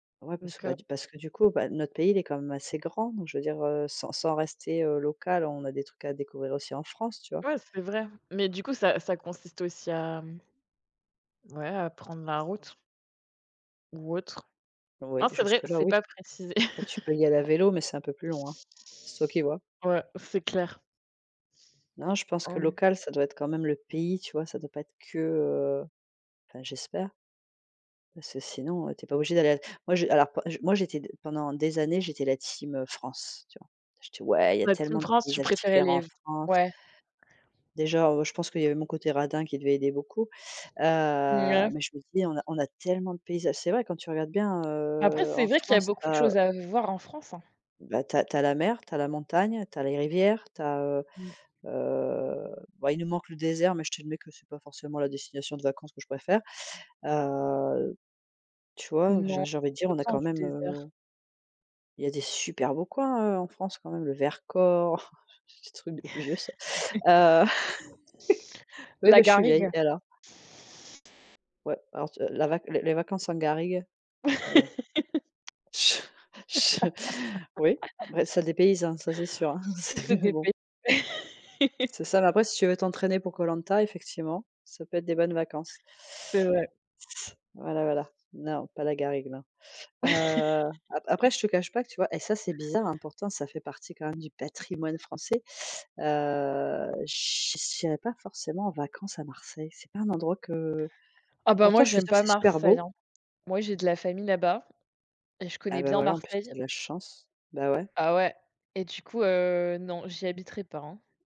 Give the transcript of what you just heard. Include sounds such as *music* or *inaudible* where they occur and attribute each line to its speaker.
Speaker 1: Ouais parce que,
Speaker 2: Donc
Speaker 1: bah
Speaker 2: heu
Speaker 1: du parce que du coup, bah, notre pays, il est quand même assez grand, donc, je veux dire, heu, sans sans rester, heu, local, on a des trucs à découvrir aussi en France, tu vois?
Speaker 2: Ouais c'est vrai, mais du coup ça ça consiste aussi à ouais, à prendre la route ou autre.
Speaker 1: Oui
Speaker 2: Non, c'est vrai,
Speaker 1: jusque là,
Speaker 2: c'est
Speaker 1: oui.
Speaker 2: pas précisé.
Speaker 1: Bah, tu peux
Speaker 2: *laughs*
Speaker 1: y aller à vélo, mais c'est un peu plus loin. C'est toi qui vois.
Speaker 2: Ouais, c'est clair.
Speaker 1: Non, je pense que
Speaker 2: Hem
Speaker 1: local ça doit être quand même le pays, tu vois? Ça doit pas être que, heu enfin j'espère parce que sinon, heu, tu es pas obligé d'aller à moi, j'é alors j'é moi j'étais, pendant des années, j'étais la Team heu, France, tu vois? J'étais: «Ouais, il y a
Speaker 2: La Team
Speaker 1: tellement de
Speaker 2: France, tu
Speaker 1: paysages
Speaker 2: préférais
Speaker 1: différents en
Speaker 2: les f
Speaker 1: France»
Speaker 2: ouais.
Speaker 1: déjà, heu, je pense qu'il y avait mon côté radin, qui devait aider beaucoup. Heu,
Speaker 2: Nouais.
Speaker 1: mais je me dis: «On a on a tellement de paysages», c'est vrai quand tu regardes bien,
Speaker 2: Après,
Speaker 1: heu, en
Speaker 2: c'est vrai qu'il y a
Speaker 1: France, tu
Speaker 2: beaucoup de
Speaker 1: as heu
Speaker 2: choses à voir, en France, hein?
Speaker 1: bah tu as tu as la mer, tu as la montagne, tu as les rivières, tu as heu,
Speaker 2: Mmh.
Speaker 1: heu, ben, il nous manque le désert, mais je t'admets que c'est pas forcément la destination de vacances que je préfère. Heu, tu vois,
Speaker 2: Non,
Speaker 1: j'ai j'ai envie de
Speaker 2: on
Speaker 1: dire on a quand
Speaker 2: *unintelligible* du
Speaker 1: même
Speaker 2: désert.
Speaker 1: heu il y a des super beaux coins hein, heu, en France quand même, le Vercors, ce truc de vieux ça. Heu,
Speaker 2: *laughs*
Speaker 1: *laughs* oui,
Speaker 2: La
Speaker 1: beh je suis vieille.
Speaker 2: garrigue.
Speaker 1: Et alors? Ouais, alors tu la vac, les les vacances en garrigue, bon.
Speaker 2: *laughs*
Speaker 1: Je je Oui, beh, ça dépayse hein, ça c'est sûr, hein, c'
Speaker 2: *laughs* Ça
Speaker 1: mais bon!
Speaker 2: dépay
Speaker 1: C'est ça, mais après si tu veux t'entraîner pour Koh Lanta, effectivement, ça peut être des bonnes vacances.
Speaker 2: C'est vrai.
Speaker 1: voilà, voilà, non pas la garrigue, non. Heu, après après
Speaker 2: *laughs*
Speaker 1: je te cache pas que tu vois et ça c'est bizarre hein, pourtant ça fait partie quand même du patrimoine français. Heu, che j'irais pas forcément en vacances à Marseille, c'est pas un endroit que
Speaker 2: Ah ben moi,
Speaker 1: pourtant, je suis
Speaker 2: j'aime
Speaker 1: sûre que
Speaker 2: pas
Speaker 1: c'est super
Speaker 2: Marseille,
Speaker 1: beau.
Speaker 2: hein. Moi, j'ai de la famille là-bas et je
Speaker 1: Ah
Speaker 2: connais
Speaker 1: beh
Speaker 2: bien
Speaker 1: voilà, en plus tu as
Speaker 2: Marseille
Speaker 1: de la chance, bah ouais.
Speaker 2: ah ouais. Et du coup, heu, non, j'y habiterais pas, hein.